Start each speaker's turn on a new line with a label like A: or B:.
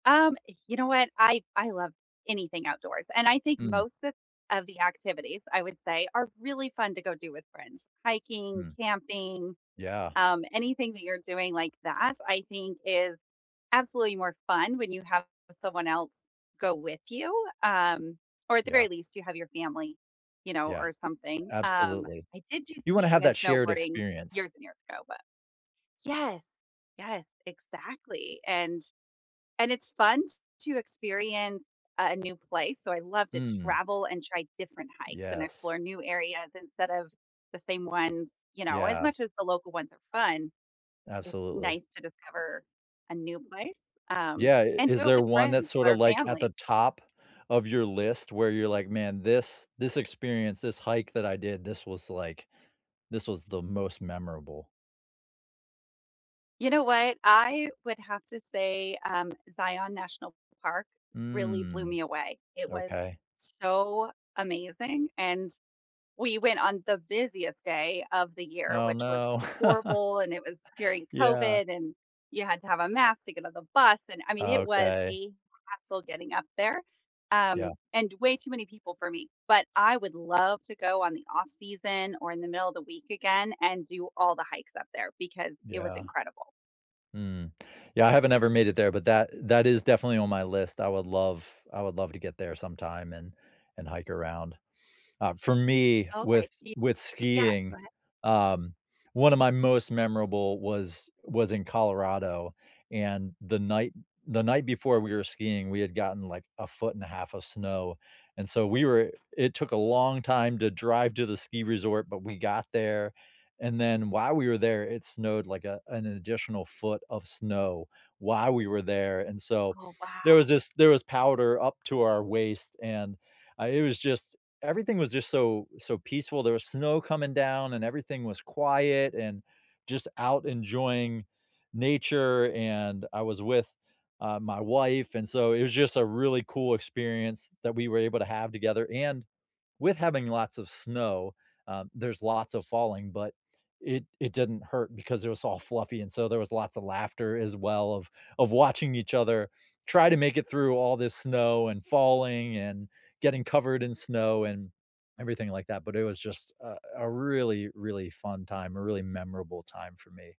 A: Um, you know what? I I love anything outdoors, and I think
B: Hmm.
A: most of of the activities, I would say, are really fun to go do with friends. Hiking,
B: Mm.
A: camping,
B: Yeah.
A: um, anything that you're doing like that, I think is absolutely more fun when you have someone else go with you, um, or at the
B: Yeah.
A: very least, you have your family, you know,
B: Yeah.
A: or something. Um,
B: Absolutely.
A: I did do
B: You wanna
A: skiing
B: have
A: and
B: that shared
A: snowboarding
B: experience.
A: years and years ago, but yes, yes, exactly, and and it's fun t to experience a a new place, so I love to
B: Mm.
A: travel and try different hikes and
B: Yes.
A: explore new areas instead of the same ones, you know, as
B: Yeah.
A: much as the local ones are fun, it's
B: Absolutely.
A: nice to discover a new place, um,
B: Yeah, i
A: and
B: is
A: do it
B: there
A: with
B: one that's
A: friends
B: sorta,
A: or
B: like, at the
A: family.
B: top of your list where you're like, "Man, this this experience, this hike that I did, this was, like this was the most memorable."
A: You know what? I would have to say, um, Zion National Park really blew
B: Mm.
A: me away. It was
B: Okay.
A: so amazing, and we went on the busiest day of the year,
B: Oh,
A: which was
B: no.
A: horrible, and it was during
B: Yeah.
A: COVID, and you had to have a mask to get on the bus and, I mean, it was
B: Okay.
A: a hassle getting up there, um,
B: Yeah.
A: and way too many people for me, but I would love to go on the off-season or in the middle of the week again and do all the hikes up there because it was
B: Yeah.
A: incredible.
B: Mm, yeah I haven't ever made it there, but that eh that is definitely on my list. I would love I would love to get there sometime and and hike around. Uh, for me,
A: Okay,
B: with
A: do you
B: with
A: yeah, go
B: skiing,
A: ahead.
B: um, one of my most memorable was was in Colorado, and the night the night before we were skiing, we had gotten, like, a foot and 1/2 of snow, and so, we were it took a long time to drive to the ski resort, but we got there, and then while we were there, it snowed like a an additional foot of snow while we were there and, so,
A: Oh,
B: there was
A: wow.
B: this there was powder up to our waist and, uh, it was just everything was just so so peaceful, there was snow coming down and everything was quiet and just out enjoying nature and I was with, uh, my wife and so it was just a really cool experience that we were able to have together, and, with having lots of snow, um, there's lots of falling, but it it didn't hurt because it was all fluffy and so there was lots of laughter as well of of watching each other try to make it through all this snow and falling and getting covered in snow and everything like that but it was just a a really, really fun time, a really memorable time for me.